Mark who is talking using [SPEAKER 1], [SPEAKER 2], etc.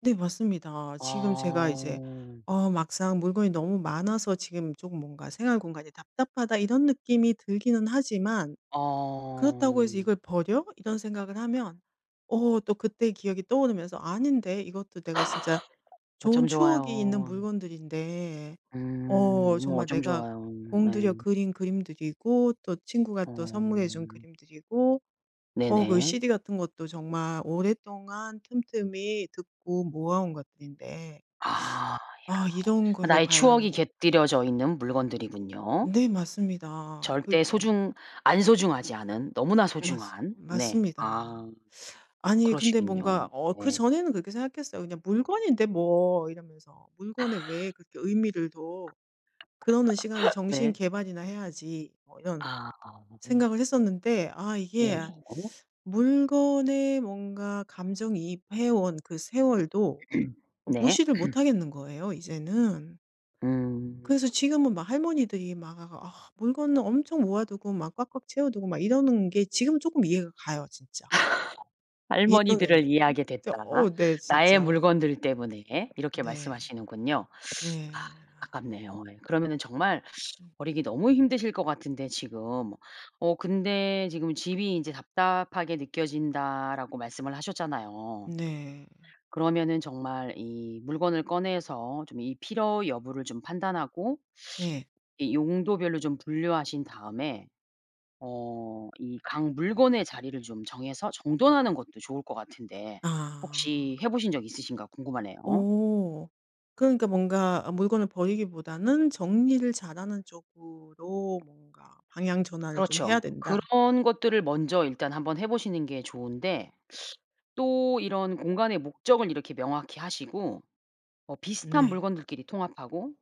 [SPEAKER 1] 네 맞습니다. 지금 제가 이제
[SPEAKER 2] 아.
[SPEAKER 1] 어 막상 물건이 너무 많아서 지금 쪼금 뭔가 '생활 공간이 답답하다.' 이런 느낌이 들기는 하지만 그렇다고 해서
[SPEAKER 2] 아.
[SPEAKER 1] '이걸 버려?' 이런 생각을 하면 어 또 그때의 기억이 떠오르면서 '아닌데 이것도 내가 진짜
[SPEAKER 2] 어쩜
[SPEAKER 1] 좋은 추억이 있는
[SPEAKER 2] 좋아요.
[SPEAKER 1] 물건들인데.
[SPEAKER 2] 음
[SPEAKER 1] 어
[SPEAKER 2] 어머
[SPEAKER 1] 정말
[SPEAKER 2] 어쩜
[SPEAKER 1] 내가
[SPEAKER 2] 좋아요.
[SPEAKER 1] 공들여
[SPEAKER 2] 네.
[SPEAKER 1] 그린 그림들이고 또 친구가 또 선물해 준
[SPEAKER 2] 어.
[SPEAKER 1] 그림들이고 어 그
[SPEAKER 2] 네네.
[SPEAKER 1] CD 같은 것도 정말 오랫동안 틈틈이 듣고 모아 온 것들인데'
[SPEAKER 2] 아
[SPEAKER 1] '아 이런
[SPEAKER 2] 야
[SPEAKER 1] 거를
[SPEAKER 2] 나의 추억이
[SPEAKER 1] 과연'
[SPEAKER 2] 곁들여져 있는 물건들이군요.
[SPEAKER 1] 네 맞습니다. 극
[SPEAKER 2] 절대 소중 안 소중하지 않은 너무나
[SPEAKER 1] 맞습
[SPEAKER 2] 소중한. 네.
[SPEAKER 1] 맞습니다.
[SPEAKER 2] 아
[SPEAKER 1] 아니 근데
[SPEAKER 2] 그러시군요.
[SPEAKER 1] 뭔가 어
[SPEAKER 2] 네.
[SPEAKER 1] 그전에는 그렇게 생각했어요. 그냥 '물건인데 뭐.' 이러면서. '물건에 왜 그렇게 의미를 둬. 그러는 시간에 정신
[SPEAKER 2] 네.
[SPEAKER 1] 개발이나 해야지.' 뭐 이런
[SPEAKER 2] 아 음.
[SPEAKER 1] 생각을 했었는데 아 이게
[SPEAKER 2] 네
[SPEAKER 1] 아
[SPEAKER 2] [unintelligible]
[SPEAKER 1] 물건에 뭔가 감정이입 해 온 그 세월도 어
[SPEAKER 2] 네.
[SPEAKER 1] 무시를 못 하겠는 거예요 이제는.
[SPEAKER 2] 음.
[SPEAKER 1] 그래서 지금은 막 할머니들이 막 아 물건을 엄청 모아 두고 막 꽉꽉 채워 두고 막 이러는 게 지금은 쪼끔 이해가 가요, 진짜. 예전엔
[SPEAKER 2] "할머니들을 이해하게
[SPEAKER 1] 진짜
[SPEAKER 2] 됐다,
[SPEAKER 1] 어 네
[SPEAKER 2] 나의
[SPEAKER 1] 진짜.
[SPEAKER 2] 물건들 때문에." 이렇게
[SPEAKER 1] 네.
[SPEAKER 2] 말씀하시는군요. 아
[SPEAKER 1] 네.
[SPEAKER 2] 안타깝네요. 예. 그러면은 정말
[SPEAKER 1] 음.
[SPEAKER 2] 버리기 너무 힘드실 것 같은데 지금. 어 근데 지금 "집이 이제 답답하게 느껴진다."라고 말씀을 하셨잖아요.
[SPEAKER 1] 네.
[SPEAKER 2] 그러면은 정말 이 물건을 꺼내서 좀 이 필요 여부를 좀 판단하고
[SPEAKER 1] 네.
[SPEAKER 2] 이 용도별로 좀 분류하신 다음에 어 이 각 물건의 자리를 좀 정해서 정돈하는 것도 좋을 것 같은데 혹시
[SPEAKER 1] 아.
[SPEAKER 2] 해 보신 적 있으신가 궁금하네요.
[SPEAKER 1] 오. 그러니까 뭔가 아 물건을 버리기보다는 정리를 잘 하는 쪽으로 뭔가 방향 전환을 좀 해야
[SPEAKER 2] 그렇죠.
[SPEAKER 1] 된다.
[SPEAKER 2] 그런 것들을 먼저 일단 한번 해 보시는 게 좋은데 또 이런 공간의 목적을 이렇게 명확히 하시고 뭐 비슷한
[SPEAKER 1] 네.
[SPEAKER 2] 물건들끼리 통합하고